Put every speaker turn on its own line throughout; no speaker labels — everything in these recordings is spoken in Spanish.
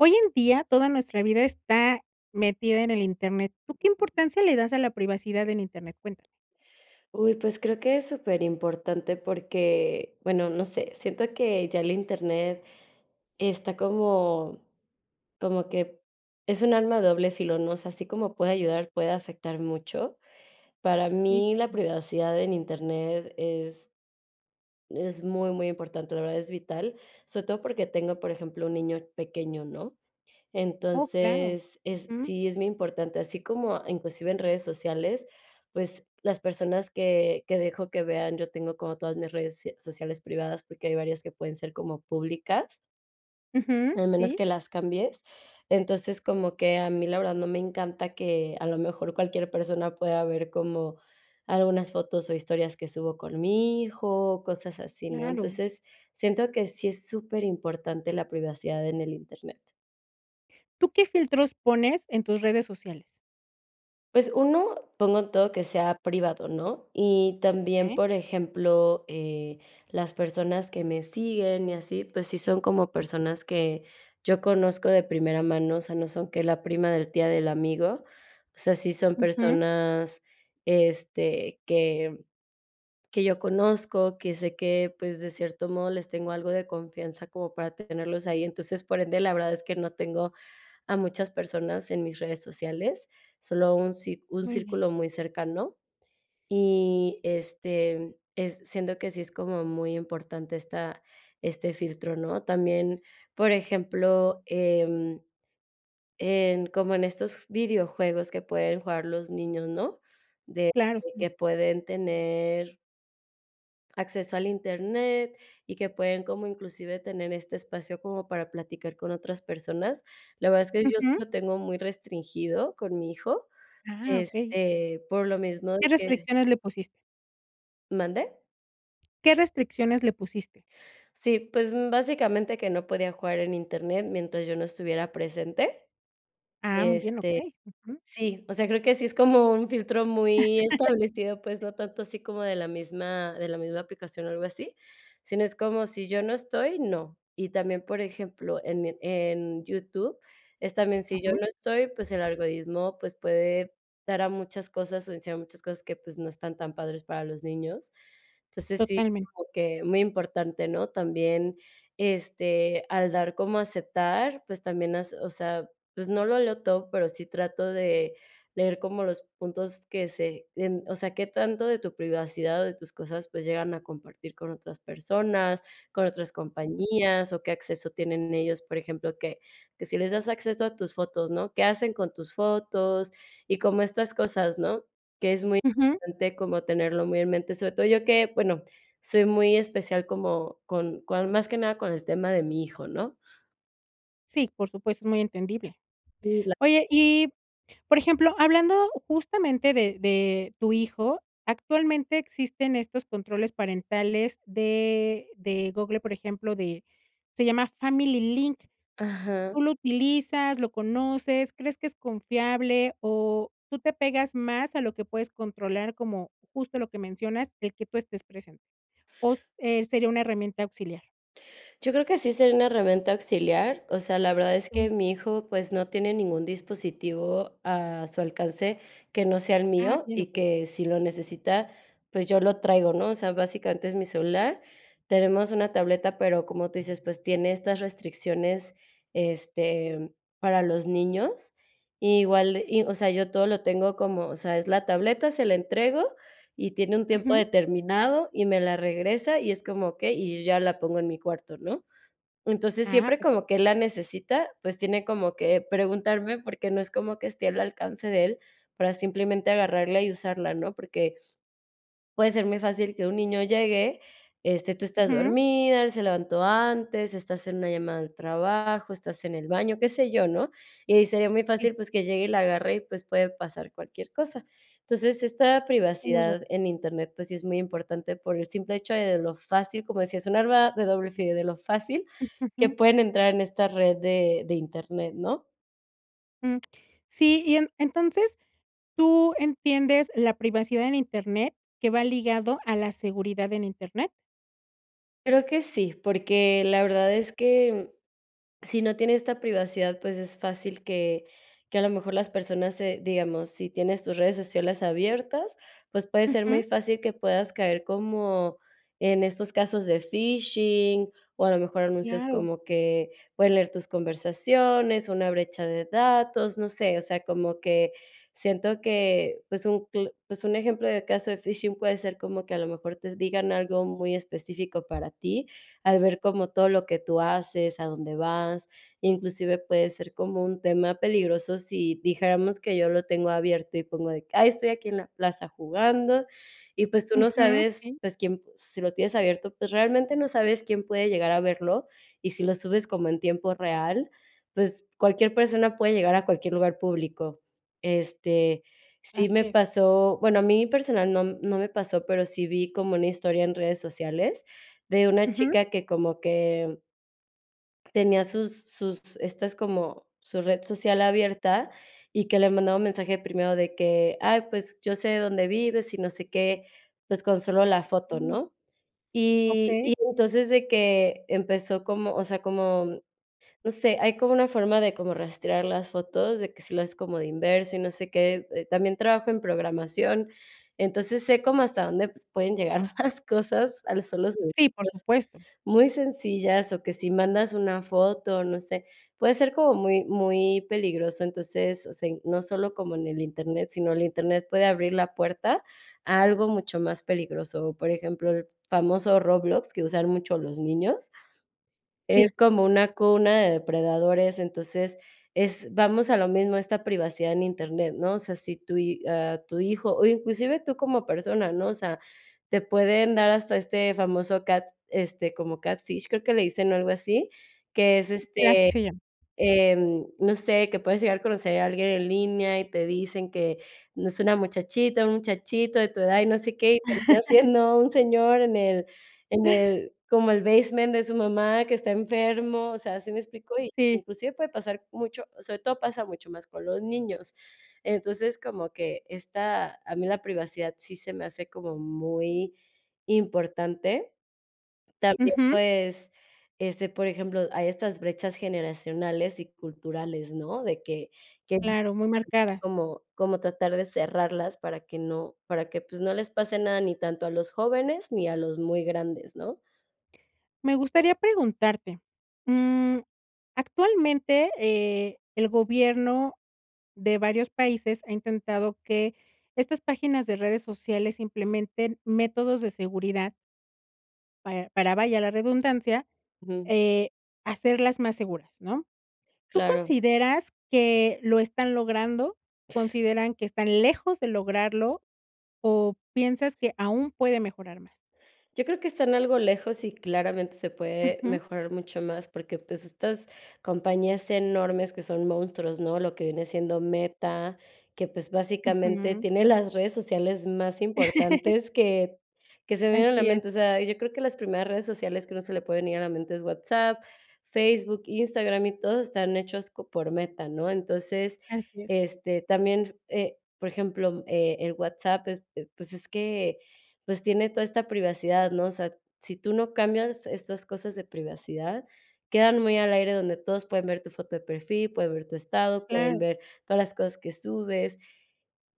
Hoy en día toda nuestra vida está metida en el Internet, ¿tú qué importancia le das a la privacidad en Internet?, cuéntame.
Uy, pues, creo que es superimportante porque, bueno, no sé, siento que ya el Internet está como como que es un arma doble filo, ¿no?, o sea, así como puede ayudar, puede afectar mucho. Para
Si.
mí, la privacidad en Internet es es muy, muy importante, de verdad, es vital. Sobre todo porque tengo por ejemplo un niño pequeño, ¿no?,
Oh, claro,
entonces, es
ujú.
sí es muy importante, así como, inclusive en redes sociales, pues, las personas que que dejo que vean yo tengo como todas mis redes se sociales privadas porque hay varias que pueden ser como públicas.
Ujú,
Al menos
sí.
que las cambies. Entonces como que a mí la verdad, no me encanta que a lo mejor cualquier persona pueda ver como, algunas fotos o historias que subo con mi hijo, cosas así, ¿no?,
Claro.
entonces, siento que sí es superimportante la privacidad en el Internet.
¿Tú qué filtros pones en tus redes sociales?
Pues 1, pongo todo que sea privado, ¿no? Y también,
Okey.
por ejemplo, eh, las personas que me siguen y así, pues sí son como personas que yo conozco de primera mano, o sea, no son que la prima de la tía del amigo, o sea, sí son
Ujú.
personas, este, que que yo conozco. Que sé que, pues, de cierto modo, les tengo algo de confianza como para tenerlos ahí. Entonces, por ende, la verdad es que no tengo a muchas personas en mis redes sociales. Solo un ci un
Muy bien.
círculo muy cercano. Y, este, es siento que sí es como muy importante esta este filtro, ¿no? También, por ejemplo, em, en como en estos videojuegos que pueden jugar los niños, ¿no? De
Claro, sí.
que pueden tener acceso al Internet y que pueden como inclusive tener este espacio como para platicar con otras personas. La verdad es que yo sí
Ujú.
lo tengo muy restringido con mi hijo,
Ah, okey.
este, por lo mismo de
¿Qué
que
restricciones le pusiste?
¿Mande?
¿Qué restricciones le pusiste?
Sí, pues, mm, básicamente que no podía jugar en Internet mientras yo no estuviera presente,
Ah, muy bien.
este,
Okey. Ujù.
sí, o sea, creo que sí es como un filtro muy establecido, pues, no tanto así como de la misma de la misma aplicación o algo así, sino es como si yo no estoy, no. Y también, por ejemplo, en mi en YouTube es también si yo
Ujú.
no estoy, pues el algoritmo, pues puede dar a muchas cosas o enseñar muchas cosas que, pues no están tan padres para los niños. Entonces sí,
Totalmente.
como que muy importante, ¿no? También, este, al dar como aceptar, pues también hace o sea, pues no lo leo todo, pero sí trato de leer como los puntos que se en o sea, qué tanto de tu privacidad o de tus cosas, pues llegan a compartir con otras personas, con otras compañías, o qué acceso tienen ellos. Por ejemplo, que que si les das acceso a tus fotos, ¿no? ¿Qué hacen con tus fotos? Y como estas cosas, ¿no? Que es muy
Ujú.
importante como tenerlo muy en mente. Sobre todo yo que, bueno, soy muy especial como con con más que nada con el tema de mi hijo, ¿no?
Sí, por supuesto, es muy entendible.
Mm, la
Oye, y, por ejemplo, hablando justamente de de tu hijo, actualmente existen estos controles parentales de de Google, por ejemplo, de se llama Family Link,
Ajá.
¿tú lo utilizas, lo conoces, crees que es confiable?, o, ¿tú te pegas más a lo que puedes controlar como, justo lo que mencionas, el que tú estés presente?, o s eh, ¿sería una herramienta auxiliar?
Yo creo que sí sería una herramienta auxiliar, o sea, la verdad es que
Ujú.
mi hijo, pues, no tiene ningún dispositivo a su alcance que no sea el
Ah,
mío,
bien,
y
okey.
que si lo necesita, pues, yo lo traigo, ¿no?, o sea, básicamente es mi celular. Tenemos una tableta, pero como tú dices, pues, tiene estas restricciones, este, para los niños. Igual, y o sea, yo todo lo tengo como, o sea, es la tableta, se la entrego y tiene un tiempo
Ujú.
determinado y me la regresa y es como: "Okey", y yo ya la pongo en mi cuarto, ¿no? Entonces,
Ah,
siempre
[unintelligible]
como que él la necesita, pues, tiene como que preguntarme, porque no es como que esté al alcance de él, para simplemente agarrarla y usarla, ¿no?, porque puede ser muy fácil que un niño llegue, este, tú estás
Ujú.
dormida, él se levantó antes, estás en una llamada del trabajo, estás en el baño, qué sé yo, ¿no?, y ahí sería muy
Sí.
fácil, pues, que llegue y la agarre y, pues, puede pasar cualquier cosa. Entonces, esta
Tienes
privacidad
razón.
en Internet, pues, sí es muy importante por el simple hecho de de lo fácil, como decía, es un arma de doble filo, de lo fácil,
Mm,
que
ujú.
pueden entrar en esta red de de Internet, ¿no?
Jum, sí y en en entonces, ¿tú entiendes la privacidad en Internet que va ligado a la seguridad en Internet?
Creo que sí, porque la verdad es que, si no tiene esta privacidad, pues, es fácil que que a lo mejor las personas se digamos, si tienes tus redes sociales abiertas, pues, puede ser muy
Ujú.
fácil que puedas caer como en esos casos de phishing, o, a lo mejor anuncios
Claro.
como que pueden leer tus conversaciones, una brecha de datos, no sé. O sea, como que siento que, pues, un cl pues un ejemplo de caso de phishing puede ser como que a lo mejor te digan algo muy específico para ti, al ver como todo lo que tú haces, a dónde vas. Inclusive puede ser como un tema peligroso si dijéramos que yo lo tengo abierto, y pongo de que: "Ay, estoy aquí en la plaza jugando", y pues, tú no
Ujú,
sabes,
sí.
pues, quién, si lo tienes abierto, pues, realmente no sabes quién puede llegar a verlo. Y si lo subes como en tiempo real, pues, cualquier persona puede llegar a cualquier lugar público. Este, sí
Asi
me
es.
pasó, bueno a mí personal no no me pasó, pero sí vi como una historia en redes sociales de una
Ujú.
chica que como que tenía sus sus estas como su red social abierta, y que le mandaba mensaje primero de que: "Ay, pues, yo sé de dónde vives y no sé qué", pues, con solo la foto,
[unintelligible]
¿no? Y
Okey.
y entonces de que empezó como, o sea, como, no sé, hay como una forma de como rastrear las fotos, de que si lo haces como de inverso y no sé qué, eh, también trabajo en programación. Entonces sé cómo hasta dónde pueden llegar las cosas a los solos [unintelligible]
Sí, por supuesto.
muy sencillas. O que si mandas una foto, no sé, puede ser como muy muy peligroso. Entonces, o sea, in no solo como en el internet, sino el internet puede abrir la puerta a algo mucho más peligroso. O por ejemplo, el famoso Roblox, que usan mucho los niños, es
Sí.
como una cuna de depredadores. Entonces, es vamos a lo mismo, esta privacidad en Internet, ¿no? O sea, si tu hi ah, tu hijo, o, inclusive tú como persona, ¿no? O sea, te pueden dar hasta este famoso cat, este, como Catfish creo que le dicen, o, algo así, que es,
Sí,
este,
así se llama.
em, no sé, que puedes llegar a conocer a alguien en línea, y te dicen que no es una muchachita, un muchachito de tu edad, y no sé qué. Y termina siendo un señor en el en el como el basement de su mamá que está enfermo, o sea, ¿sí me explico?
Sí.
Inclusive puede pasar mucho sobre todo pasa mucho más con los niños. Entonces, como que esta a mí la privacidad sí se me hace como muy importante. También,
Ujú.
pues, este, por ejemplo, hay estas brechas generacionales y culturales, ¿no? De que, que es muy
Claro, muy
importante
marcadas.
como como tratar de cerrarlas para que no para que, pues no les pase nada ni tanto a los jóvenes ni a los muy grandes, ¿no?
Me gustaría preguntarte, mm, actualmente, eh, el gobierno de varios países ha intentado que estas páginas de redes sociales implementen métodos de seguridad para para, vaya la redundancia,
Ujú.
eh, hacerlas más seguras, ¿no? ¿Tú
Claro.
consideras que lo están logrando? ¿Consideran que están lejos de lograrlo? O piensas que aún puede mejorar más.
Yo creo que están algo lejos y claramente se puede
Ujú.
mejorar mucho más, porque, pues, estas compañías enormes que son monstruos, ¿no? Lo que viene siendo Meta, que, pues, básicamente,
Ujú.
tiene las redes sociales más importantes que que se me vienen a la
Así es.
mente. O sea, yo creo que las primeras redes sociales que a uno se le pueden ir a la mente es WhatsApp, Facebook, Instagram y todo están hechos co por Meta, ¿no? Entonces,
Así es.
este, también, eh, por ejemplo, eh, el WhatsApp es, pues, es que, pues tiene toda esta privacidad, ¿no? O sea, si tú no cambias estas cosas de privacidad, quedan muy al aire donde todos pueden ver tu foto de perfil, pueden ver tu estado, pueden
Claro.
ver todas las cosas que subes.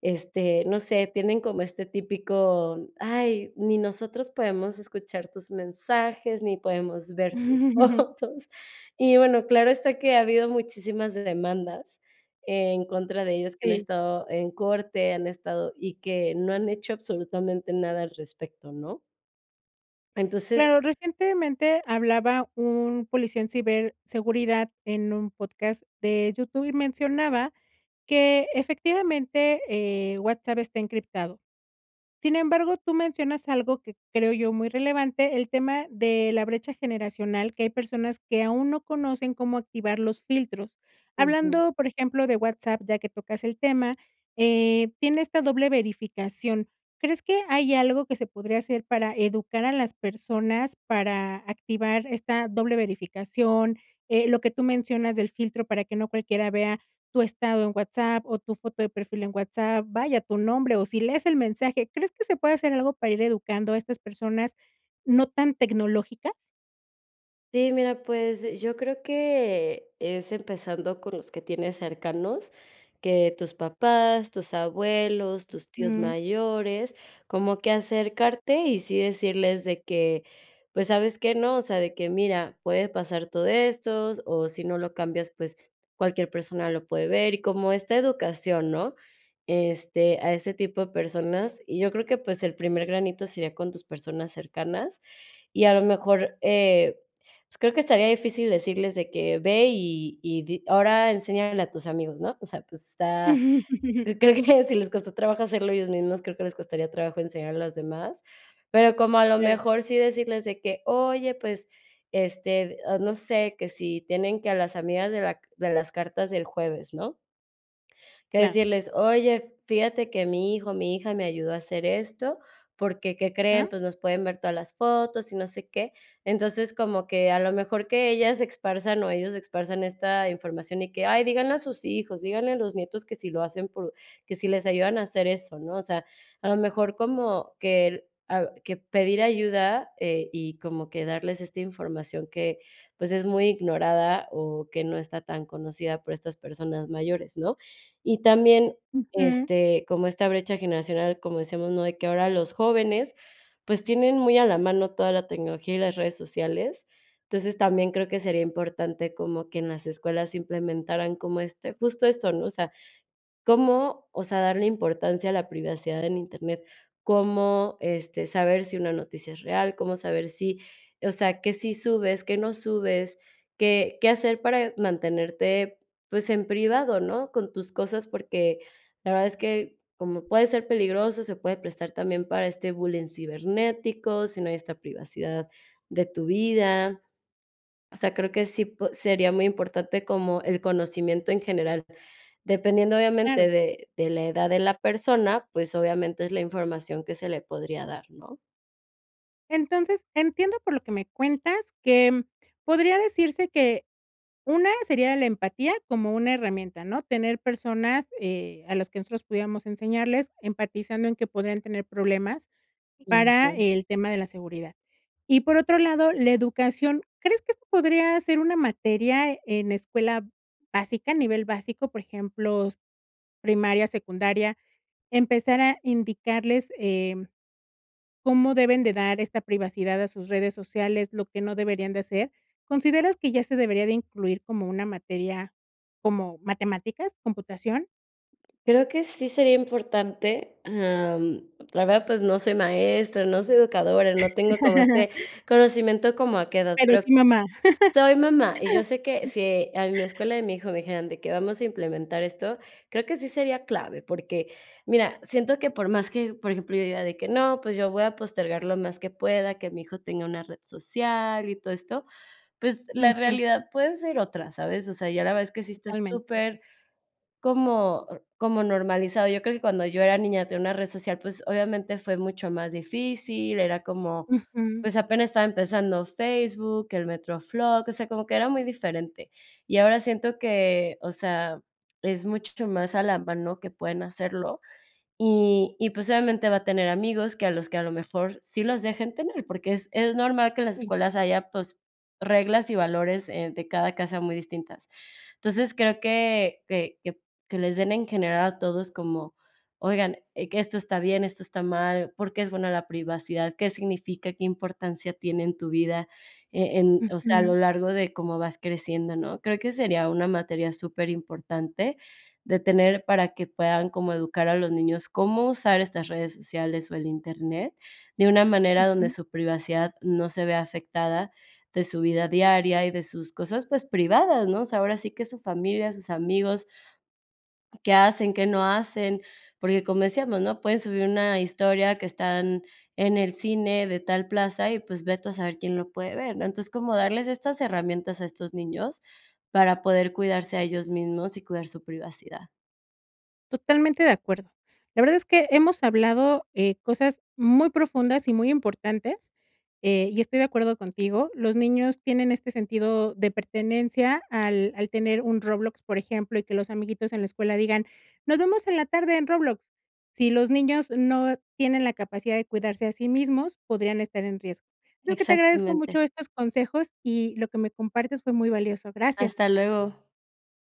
Este, no sé, tienen como este típico: "Ay, ni nosotros podemos escuchar tus mensajes, ni podemos ver tus fotos". Y bueno, claro está que ha habido muchísimas demandas en contra de ellos, que han
Sí.
estado en corte, han estado y que no han hecho absolutamente nada al respecto, ¿no? Entonces
Claro, recientemente hablaba un policía en ciberseguridad en un podcast de YouTube, y mencionaba que, efectivamente, eh, WhatsApp está encriptado. Sin embargo, tú mencionas algo que creo yo muy relevante, el tema de la brecha generacional, que hay personas que aún no conocen cómo activar los filtros.
Ujú.
Hablando, por ejemplo, de WhatsApp, ya que tocas el tema, eh, tiene esta doble verificación. ¿Crees que hay algo que se podría hacer para educar a las personas, para activar esta doble verificación? Eh, lo que tú mencionas del filtro para que no cualquiera vea tu estado en WhatsApp, o, tu foto de perfil en WhatsApp, vaya tu nombre, o, si lees el mensaje. ¿Crees que se puede hacer algo para ir educando a estas personas no tan tecnológicas?
Sí, mira, pues, eh yo creo que, es empezando con los que tienes cercanos, que tus papás, tus abuelos, tus tíos
Mm.
mayores, como que acercarte y sí decirles de que, pues, ¿sabes qué, no? O sea, de que: "Mira, puede pasar todo esto o si no lo cambias, pues, cualquier persona lo puede ver". Y como esta educación, ¿no? Este, a ese tipo de personas, y yo creo que, pues, el primer granito sería con tus personas cercanas, y a lo mejor, eh, pues, creo que estaría difícil decirles de que: "Ve, y y di ahora enséñale a tus amigos", ¿no? O sea, pues, está creo que si les costó trabajo hacerlo ellos mismos, creo que les costaría trabajo enseñar a los demás. Pero como a lo
Claro.
mejor sí decirles de que: "Oye, pues, este, o no sé, que si tienen que a las amigas de la c de las cartas del jueves", ¿no? Que
Claro.
decirles: "Oye, fíjate que mi hijo, mi hija me ayudó a hacer esto, porque, ¿qué creen?
Ah.
Pues, nos pueden ver todas las fotos y no sé qué". Entonces, como que a lo mejor que ellas se esparzan, o, ellos esparzan esta información, y que: "Ay, díganle a sus hijos, díganle a los nietos, que si lo hacen por que si les ayudan a hacer eso", ¿no? O sea, a lo mejor como que, ah, que pedir ayuda, eh, y como que darles esta información que, pues, es muy ignorada, o, que no está tan conocida por estas personas mayores, ¿no? Y también,
Ujú.
este, como esta brecha generacional, como decíamos, ¿no? De que ahora los jóvenes, pues, tienen muy a la mano toda la tecnología y las redes sociales. Entonces, también creo que sería importante como que en las escuelas implementaran como este, justo esto, ¿no? O sea, cómo, o sea, darle importancia a la privacidad en Internet, cómo, este, saber si una noticia es real, cómo saber si, o sea, qué sí subes, qué no subes, qué qué hacer, eh, para mantenerte, pues, en privado, ¿no? Con tus cosas, porque la verdad es que como puede ser peligroso, se puede prestar también para este bullying cibernético, si no hay esta privacidad de tu vida. O sea, creo que sí po sería muy importante como el conocimiento en general. Dependiendo obviamente
Claro.
de de la edad de la persona, pues, obviamente es la información que se le podría dar, ¿no?
Entonces, entiendo por lo que me cuentas que podría decirse que, una sería la empatía como una herramienta, ¿no?, tener personas, eh, a las que nosotros pudiéramos enseñarles, empatizando en que podrían tener problemas
Mm,
para
ajá.
el tema de la seguridad. Y por otro lado, la educación, ¿crees que esto podría ser una materia en escuela básica a nivel básico?, por ejemplos, primaria, secundaria, empezar a indicarles, em, ¿cómo deben de dar esta privacidad a sus redes sociales?, lo que no deberían de hacer, ¿consideras que ya se debería de incluir como una materia, como matemáticas, computación?
Creo que sí sería importante, em, la verdad, pues, no soy maestra, no soy educadora, no tengo como este conocimiento como a qué edad,
Pero
pero,
sí, mamá.
soy mamá y yo sé que si en la escuela de mi hijo me dijeran de que: "Vamos a implementar esto, creo que sí sería clave porque, mira, siento que por más que, por ejemplo, yo diga de que, no pues, yo voy a postergar lo más que pueda, que mi hijo tenga una red social y todo esto, pues, la
Ujú.
realidad puede ser otra, ¿sabes?, o sea, ya la verdad, es que sí está
Totalmente de acuerdo.
super como, n como normalizado. Yo creo que cuando yo era niña, tener una red social, pues obviamente fue mucho más difícil, era como,
Ujú.
pues, apenas estaba empezando Facebook, el MetroFlog, o sea, como que era muy diferente. Y ahora siento que, o sea, es mucho ch más alarma, ¿no?, que pueden hacerlo. Y y, pues, obviamente va a tener amigos que a los que a lo mejor sí los dejen tener, porque es es normal que las
Sí.
escuelas haya, pues, reglas y valores, eh, de cada casa muy distintas. Entonces, creo que que que les den en general, a todos como, oigan, que esto está bien, esto está mal, ¿por qué es buena la privacidad? ¿Qué significa? ¿Qué importancia tiene en tu vida?, eh, en, o sea, a lo
Ujú.
largo de cómo vas creciendo, ¿no?, creo que sería una materia súper importante de tener, para que puedan como educar a los niños, cómo usar estas redes sociales o el Internet, de una manera donde
Ujú.
su privacidad no se vea afectada, de su vida diaria y de sus cosas, pues, privadas, ¿no?, o sea, ahora sí que su familia, sus amigos, qué hacen, qué no hacen, porque como decíamos, ¿no?, pueden subir una historia que están en el cine de tal plaza y, pues, ve tú a saber quién lo puede ver, ¿no?, entonces, como darles estas herramientas a estos niños para poder cuidarse a ellos mismos y cuidar su privacidad.
Totalmente de acuerdo. La verdad es que hemos hablado, eh, cosas muy profundas y muy importantes, eh, y estoy de acuerdo contigo, los niños tienen este sentido de pertenencia al al tener un Roblox, por ejemplo, y que los amiguitos en la escuela digan: "Nos vemos en la tarde en Roblox", si los niños no tienen la capacidad de cuidarse a sí mismos, podrían estar en riesgo. Sabes que te agradezco
Exactamente.
mucho estos consejos y lo que me compartes fue muy valioso. Gracias.
Hasta luego.